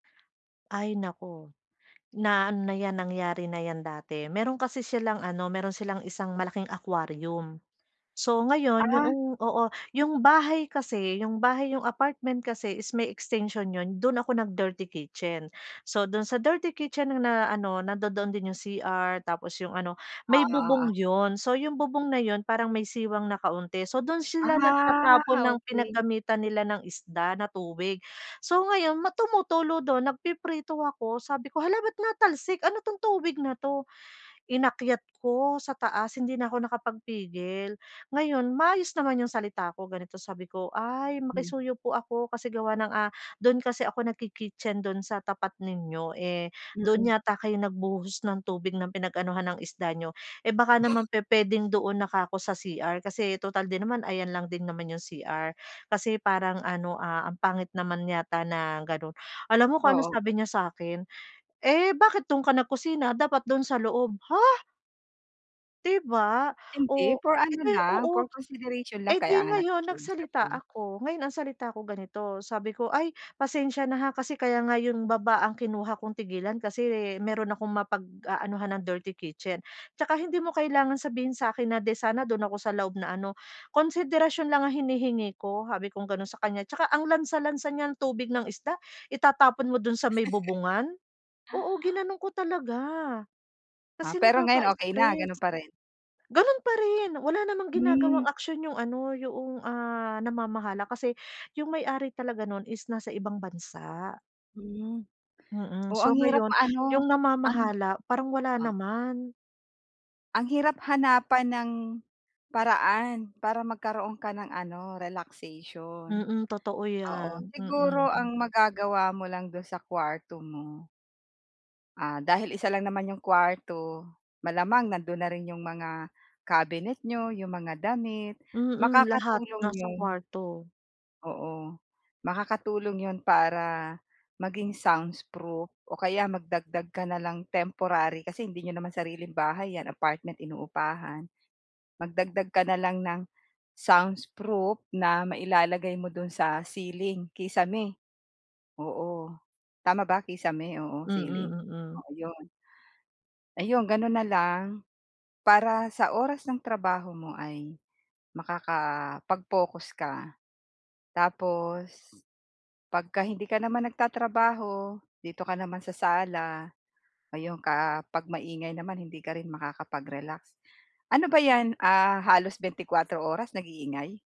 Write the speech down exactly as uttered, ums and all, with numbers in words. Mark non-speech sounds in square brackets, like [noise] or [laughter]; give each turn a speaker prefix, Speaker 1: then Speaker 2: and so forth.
Speaker 1: Ay, naku, na-ano na 'yan, nangyari na 'yan dati. Mayro'n kasi silang, ano, mayro'n silang isang malaking aquarium. So ngayon
Speaker 2: Ah.
Speaker 1: yoong oo, 'yong bahay kasi, 'yong bahay, 'yong apartment kasi is may extension 'yon. Do'n ako nag-dirty kitchen. So do'n sa dirty kitchen na, ano, nandodoon din 'yong C-R tapos 'yong ano, may
Speaker 2: Oh,
Speaker 1: bubong
Speaker 2: oo.
Speaker 1: 'yon. So 'yong bubong na 'yon, parang may siwang na kaunti. So do'n sila
Speaker 2: Ah,
Speaker 1: nagtatapon ng
Speaker 2: okey.
Speaker 1: pinaggamitan nila ng isda na tubig. So ngayon, ma tumutulo do'n, nagpiprito ako sabi ko, "Hala ba't natalsik? Ano 'tong tubig na 'to?" Inakyat ko sa taas, hindi na ako nakapagpigil. Ngayon, maayos naman 'yong salita ko. Ganito sabi ko, "Ay
Speaker 2: Mm.
Speaker 1: makisuyo po ako, kasi gawa ng, ah, do'n kasi ako nagki-kitchen do'n sa tapat ninyo, eh, do'n
Speaker 2: Mm.
Speaker 1: yata kayo nagbuhos ng tubig na pinag-anuhan ng isda niyo. Eh, baka naman pu-puwedeng doon na 'ka ko sa CR? Kasi total din naman, ayan lang din naman 'yong C-R. Kasi parang, ano, ah, ang pangit naman yata na gano'n." Alam mo kung anong
Speaker 2: Oo.
Speaker 1: sabi niya sa'kin? "Eh, bakit do'n ka nagkusina? Dapat do'n sa loob." Ha? 'Di ba? Oh,
Speaker 2: Hindi, for ano
Speaker 1: ipe
Speaker 2: lang, for
Speaker 1: oo.
Speaker 2: consideration
Speaker 1: Eh
Speaker 2: lang.
Speaker 1: 'di
Speaker 2: Kaya nga
Speaker 1: ngayon
Speaker 2: nakikiusap,
Speaker 1: nagsalita
Speaker 2: eh.
Speaker 1: ako. Ngayon ang salita ko ganito, sabi ko, "Ay, pasensya na, ha, kasi kaya nga 'yong baba ang kinuha kong tigilan kasi mayro'n akong mapag-aanuhan ng dirty kitchen. Saka hindi mo kailangan sabihin sa'kin na 'di sana do'n ako sa loob na ano, konsiderasyon lang ang hinihingi ko." Sabi kong ganon sa kaniya, "Tsaka ang lansa-lansa niyang tubig ng isda, itatapon mo do'n sa may
Speaker 2: [laughs]
Speaker 1: bubungan." Oo, ginano'n ko talaga
Speaker 2: Ah,
Speaker 1: kasi
Speaker 2: pero ngayon okey na?
Speaker 1: nakaka-stress.
Speaker 2: Gano'n pa rin?
Speaker 1: Gano'n pa rin, wala namang ginagawang
Speaker 2: Hmm.
Speaker 1: aksyon 'yong ano, 'yong, ah, namamahala kasi 'yong may-ari talaga no'n is nasa ibang bansa.
Speaker 2: Hmm,
Speaker 1: Mm,
Speaker 2: oo, ang
Speaker 1: so
Speaker 2: hirap
Speaker 1: ngayon
Speaker 2: ma-ano,
Speaker 1: 'yong
Speaker 2: ang
Speaker 1: namamahala, parang wala
Speaker 2: ah
Speaker 1: naman.
Speaker 2: Ang hirap hanapan ng paraan para magkaroon ka ng, ano, relaxation,
Speaker 1: Mm. Totoo
Speaker 2: oo.
Speaker 1: 'yan,
Speaker 2: Siguro
Speaker 1: mm.
Speaker 2: ang magagawa mo lang do'n sa kwarto mo ah, dahil isa lang naman 'yong kuwarto, malamang nandoon na rin 'yong mga kabinet niyo, 'yong mga damit,
Speaker 1: Mm. Lahat
Speaker 2: makakatulong
Speaker 1: nasa
Speaker 2: 'yon.
Speaker 1: kwarto.
Speaker 2: Oo, makakatulong 'yon para maging soundsproof o kaya magdagdag ka na lang temporary, kasi hindi n'yo naman sariling bahay 'yan, apartment, inuupahan. Magdagdag ka na lang ng soundsproof na mailalagay mo do'n sa ceiling, kisame. Oo, tama ba kisame? Oo,
Speaker 1: Mm,
Speaker 2: ceiling,
Speaker 1: mm.
Speaker 2: oo 'yon. Ayon, gano'n na lang. Para sa oras ng trabaho mo ay makakapag-focus ka. Tapos 'pag hindi ka naman nagtatrabaho, dito ka naman sa sala. Ayun, ka 'pag maingay naman hindi ka rin makakapag-relax. Ano ba 'yan? Ah, halos bente-kuwatro oras nag-iingay?